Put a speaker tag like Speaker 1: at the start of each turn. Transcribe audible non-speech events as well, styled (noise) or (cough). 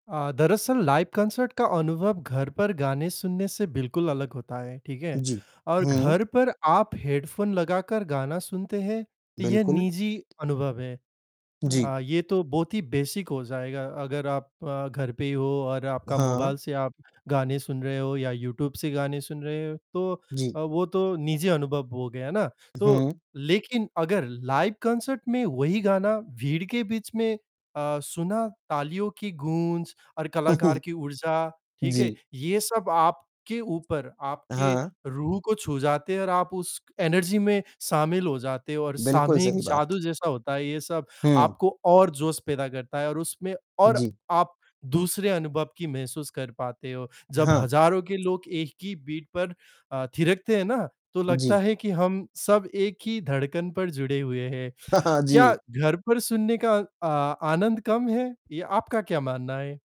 Speaker 1: अ, दरअसल live concert का अनुभव घर पर गाने सुनने से बिल्कुल अलग होता है, ठीक है?
Speaker 2: जी,
Speaker 1: और
Speaker 2: हुँ।
Speaker 1: घर पर आप हेडफोन लगाकर गाना सुनते हैं, ये
Speaker 2: बिल्कुल।
Speaker 1: निजी अनुभव है।
Speaker 2: जी।
Speaker 1: अ, ये तो बहुत ही बेसिक हो जाएगा। अगर आप अ, घर पे ही हो और आपका
Speaker 2: हाँ।
Speaker 1: मोबाइल से आप गाने सुन रहे हो या यूट्यूब से गाने सुन रहे हो तो
Speaker 2: जी।
Speaker 1: अ, वो तो निजी अनुभव हो गया ना।
Speaker 2: उ,
Speaker 1: तो,
Speaker 2: हुँ।
Speaker 1: लेकिन अगर लाइव कॉन्सर्ट में वही गाना भीड़ के बीच में अ, सुना, तालियों की गूंज और कलाकार
Speaker 2: (chuckles)
Speaker 1: की ऊर्जा, ठीक है?
Speaker 2: जी।
Speaker 1: ये सब आपके ऊपर
Speaker 2: अ,
Speaker 1: आपके
Speaker 2: हाँ।
Speaker 1: रूह को छू जाते हैं और आप उस एनर्जी में शामिल हो जाते हो और
Speaker 2: बिल्कुल
Speaker 1: सामूहिक
Speaker 2: सही बात।
Speaker 1: जादू जैसा होता है ये सब।
Speaker 2: हुँ।
Speaker 1: आपको और जोश पैदा करता है और उसमें और
Speaker 2: जी।
Speaker 1: आप दूसरे अनुभव की महसूस कर पाते हो। जब
Speaker 2: हाँ।
Speaker 1: हजारों के लोग एक ही बीट पर अ, थिरकते हैं ना तो लगता
Speaker 2: जी।
Speaker 1: है कि हम सब एक ही धड़कन पर जुड़े हुए हैं।
Speaker 2: हाँ, हाँ
Speaker 1: क्या
Speaker 2: जी।
Speaker 1: घर पर सुनने का अ, आनंद कम है? या आपका क्या मानना है?